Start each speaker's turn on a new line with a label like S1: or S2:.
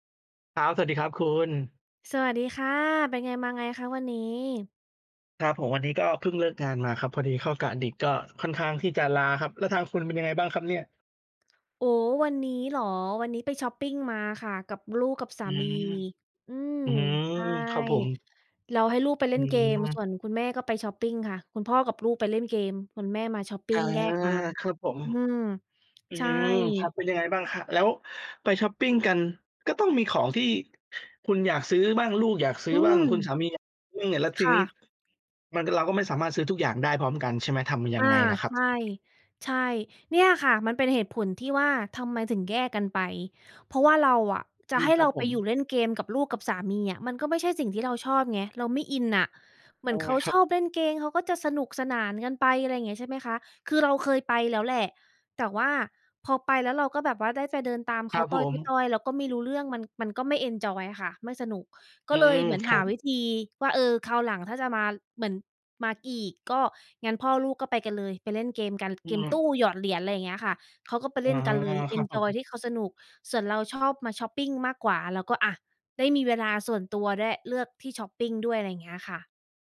S1: ครับ สวัสดีครับคุณ
S2: สวัสดีค่ะ เป็นไงมาไงคะวันนี้?
S1: ครับผม วันนี้ก็เพิ่งเลิกงานมาครับ พอดีเข้ากะดึก ก็ค่อนข้างที่จะล้าครับ แล้วทางคุณเป็นยังไงบ้างครับเนี่ย?
S2: โอ้ วันนี้เหรอ วันนี้ไปชอปปิงมาค่ะ กับลูกกับสา
S1: อื
S2: มี
S1: ม
S2: อืม
S1: อื้อฮือ
S2: ใช่
S1: ครับผม
S2: เราให้ลูกไปเล
S1: อ
S2: ่
S1: ื
S2: นเกม
S1: ม
S2: ส่วนคุณแม่ก็ไปชอปปิงค่ะ คุณพ่อกับลูกไปเล่นเกม คุณแม่มาชอปปิ
S1: อา
S2: งแยกมา
S1: ครับผม
S2: อืม
S1: อื
S2: ใช่
S1: ม ครับ เป็นยังไงบ้าง ค แล้วไปชอปปิงกัน ก็ต้องมีของที่ ค คุณอยากซื้อบ้าง ลูกอยากซื้
S2: อื
S1: อบ้าง คุณ
S2: ม
S1: สามีอยาก ซึ่งเนี่ย แล้วท
S2: ค
S1: ี
S2: ่
S1: นี้
S2: ะ
S1: มัน ก เราก็ไม่สามารถซื้อทุกอย่างได้พร้อมกัน ใช่ไหม ทำยั
S2: อา
S1: งไงเหรอคร
S2: ใ
S1: ั
S2: ช
S1: บ?
S2: ่ ใช่ เนี่ยค่ะ มันเป็นเหตุผลที่ว่า ทำไมถึงแยกกันไป เพราะว่าเราอะ จ
S1: อ
S2: ะ
S1: ื
S2: ให
S1: ม
S2: ้
S1: ค
S2: เ
S1: ร
S2: ร
S1: ั
S2: า
S1: บผ
S2: ไป
S1: ม
S2: อยู่เล่นเกมกับลูกกับสามีอะ มันก็ไม่ใช่สิ่งที่เราชอบไง เราไม่อินน่ะ เหม
S1: แล
S2: ือ
S1: ้
S2: น
S1: ว
S2: เข
S1: ไง
S2: า
S1: ครั
S2: ช
S1: บ?
S2: อบเล่นเกม เขาก็จะสนุกสนานกันไป อะไรอย่างเงี้ย ใช่ไหมคะ คือเราเคยไปแล้วแหละ แต่ว่าพอไปแล้วเราก็แบบว่าได้แต่เดินตามเ
S1: ค
S2: ข
S1: ร
S2: า
S1: ับ
S2: ต้
S1: ผม
S2: อย ๆ ๆ เราก็ไม่รู้เรื่อง มัน มันก็ไม่ เอนจอย ค่ะ ไม่สนุก ก็
S1: อื
S2: เลย
S1: ม
S2: เหมือน
S1: ค
S2: ห
S1: ร
S2: า
S1: ั
S2: ว
S1: บ
S2: ิธีว่า เออ คราวหลังถ้าจะมา เหมือน มาอีก ก็งั้นพ่อลูกก็ไปกันเลย ไปเล่นเกมกัน
S1: อ
S2: เ
S1: ื
S2: กมตู
S1: ม
S2: ้หยอดเหรียญ อะไรอย่างเงี้ยค่ะ เขาก็ไป
S1: อ
S2: เล
S1: ๋อ
S2: ่นกันเลย เอ
S1: ครั
S2: น
S1: บผ
S2: จอย
S1: ม
S2: ที่เขาสนุก ส่วนเราชอบมาชอปปิงมากกว่าเราก็ อะ ได้มีเวลาส่วนตัว ได้ เลือกที่ชอปปิงด้วย อะไรอย่างเงี้ยค่ะ